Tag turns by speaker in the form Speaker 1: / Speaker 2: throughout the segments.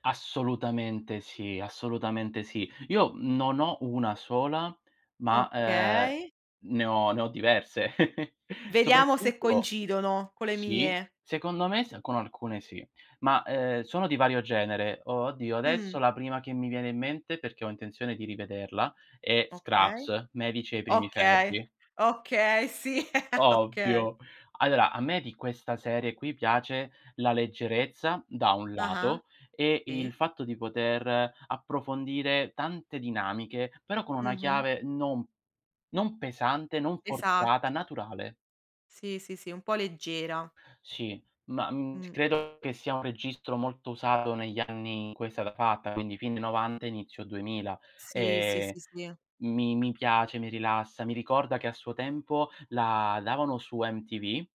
Speaker 1: Assolutamente sì, assolutamente sì. Io non ho 1 sola, ma, eh,
Speaker 2: Okay.
Speaker 1: ne ho ne ho diverse.
Speaker 2: Vediamo se
Speaker 1: Soprattutto
Speaker 2: coincidono, con le
Speaker 1: sì,
Speaker 2: mie.
Speaker 1: secondo me s con alcune sì, ma, ehm, sono di vario genere. O oddio,
Speaker 2: Mh.
Speaker 1: adesso la prima che mi viene in mente, perché ho intenzione di rivederla, è
Speaker 2: Okay.
Speaker 1: Scrubs: medici ai primi
Speaker 2: Okay,
Speaker 1: ferri.
Speaker 2: okay, sì, okay.
Speaker 1: Ovvio. Allora a me di questa serie qui piace la leggerezza, da un
Speaker 2: Ah-ah,
Speaker 1: lato, e il
Speaker 2: sì.
Speaker 1: fatto di poter approfondire tante dinamiche, però con una
Speaker 2: Mh-mh.
Speaker 1: chiave non non pesante, non forzata,
Speaker 2: Esatt
Speaker 1: naturale.
Speaker 2: Sì, sì, sì, un po' leggera.
Speaker 1: Sì, ma, mhmm,
Speaker 2: Mh.
Speaker 1: credo che sia un registro molto usato negli anni in cui è stata fatta, quindi fine '90, inizio 2000.
Speaker 2: Sì, sì,
Speaker 1: E
Speaker 2: sì, sì.
Speaker 1: mi mi piace, mi rilassa, mi ricorda che a suo tempo la davano su MTV.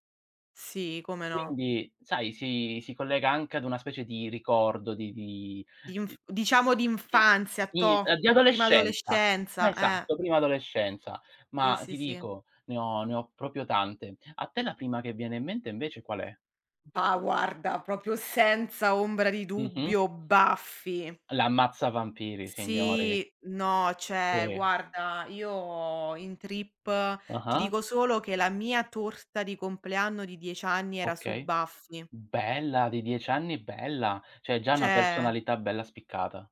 Speaker 2: Sì, come no.
Speaker 1: Quindi sai, si si collega anche ad una specie di ricordo di di
Speaker 2: Di
Speaker 1: di
Speaker 2: inf diciamo di
Speaker 1: di
Speaker 2: infanzia,
Speaker 1: di
Speaker 2: toh,
Speaker 1: di
Speaker 2: prima
Speaker 1: adolescenza.
Speaker 2: adolescenza, eh.
Speaker 1: Esatto, prima adolescenza.
Speaker 2: Sì,
Speaker 1: Ma
Speaker 2: sì,
Speaker 1: ti
Speaker 2: sì.
Speaker 1: dico, ne ho ne ho proprio tante. A te la prima che viene in mente invece qual è?
Speaker 2: Bah guarda, proprio senza ombra di
Speaker 1: Mh-mh.
Speaker 2: dubbio Buffy.
Speaker 1: L'ammazzavampiri, signori.
Speaker 2: Sì, no, cioè
Speaker 1: Sì.
Speaker 2: guarda, io in trip ti
Speaker 1: Ah-ah.
Speaker 2: dico solo che la mia torta di compleanno di 10 anni era su
Speaker 1: Okay.
Speaker 2: Buffy.
Speaker 1: Bella, di 10 anni bella. Cioè già una
Speaker 2: Cioè
Speaker 1: personalità bella spiccata.